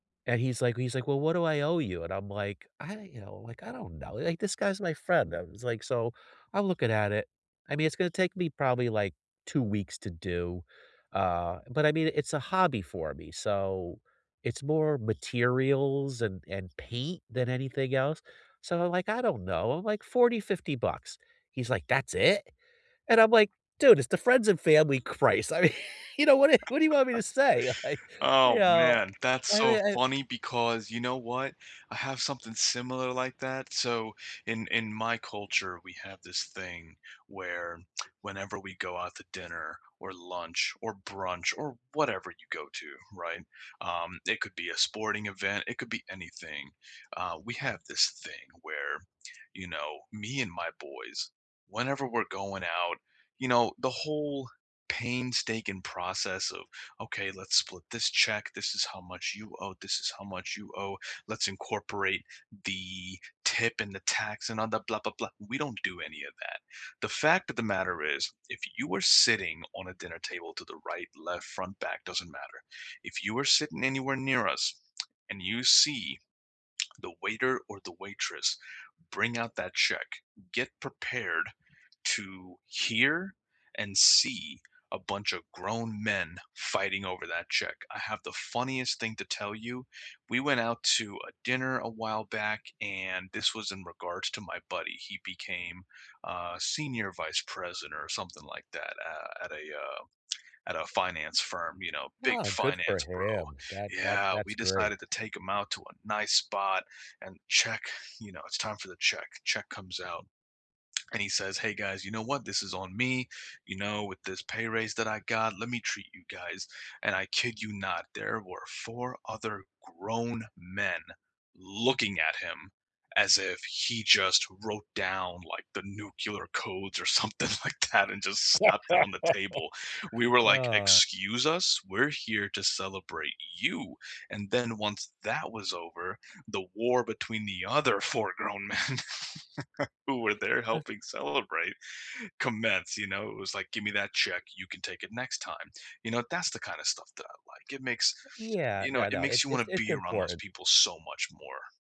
And, he's like he's like, "Well, what do I owe you?" And I'm like, "I" you know, like, "I don't know," like, this guy's my friend, I was like so, I'm looking at it. I mean, it's gonna take me probably, like, 2 weeks to do, uh, but, I mean, it's a hobby for me, so it's more materials and and paint than anything else so I'm like, "I don't know," I'm like, "40, 50 bucks." He's like, "That's it?" And I'm like, "Dude, it's the friends and family christ," I mean, you know, what you what do you want me to say, like, Oh, you know, man, that's I so mean, I funny because you know what? I have something similar like that, so in in my culture, we have this thing, where whenever we go out to dinner, or lunch, or brunch, or whatever you go to, right? Um, it could be a sporting event, it could be anything, uh, we have this thing where, you know, me and my boys, whenever we're going out, you know, the whole painstaking process of, "Okay, let's split this check. This is how much you owe, this is how much you owe, let's incorporate the tip and the tax and all the blah, blah, blah" We don't do any of that, the fact of the matter is, if you were sitting on a dinner table to the right, left, front, back, doesn't matter, if you were sitting anywhere near us and you see, the waiter or the waitress bring out that check, get prepared to hear and see a bunch of grown men fighting over that check. I have the funniest thing to tell you. We went out to a dinner a while back and this was in regards to my buddy, he became, uh, senior vice president or something like that, at at a, uh at a finance firm, you know, big Ah, good for finance bro. him, that that Yeah, we that's great. decided to take him out to a nice spot and check you know, it's time for the check. Check comes out and he says, "Hey guys, you know what? This is on me," you know, "with this pay raise that I got, let me treat you guys." And I kid you not, there were 4 other grown men looking at him as if he just wrote down like the nuclear codes or something like that and just slapped it on the table, we were like, "Excuse us, we're here to celebrate you," and then once that was over, the war between the other 4 grown men who were there Has helping celebrate, commence, you know? It was like, "Give me that check, you can take it next time," you know, that's the kinda stuff that I like, it makes Yeah, you know, no, it no, it's makes you it's wanna it's be around those important. people so much more.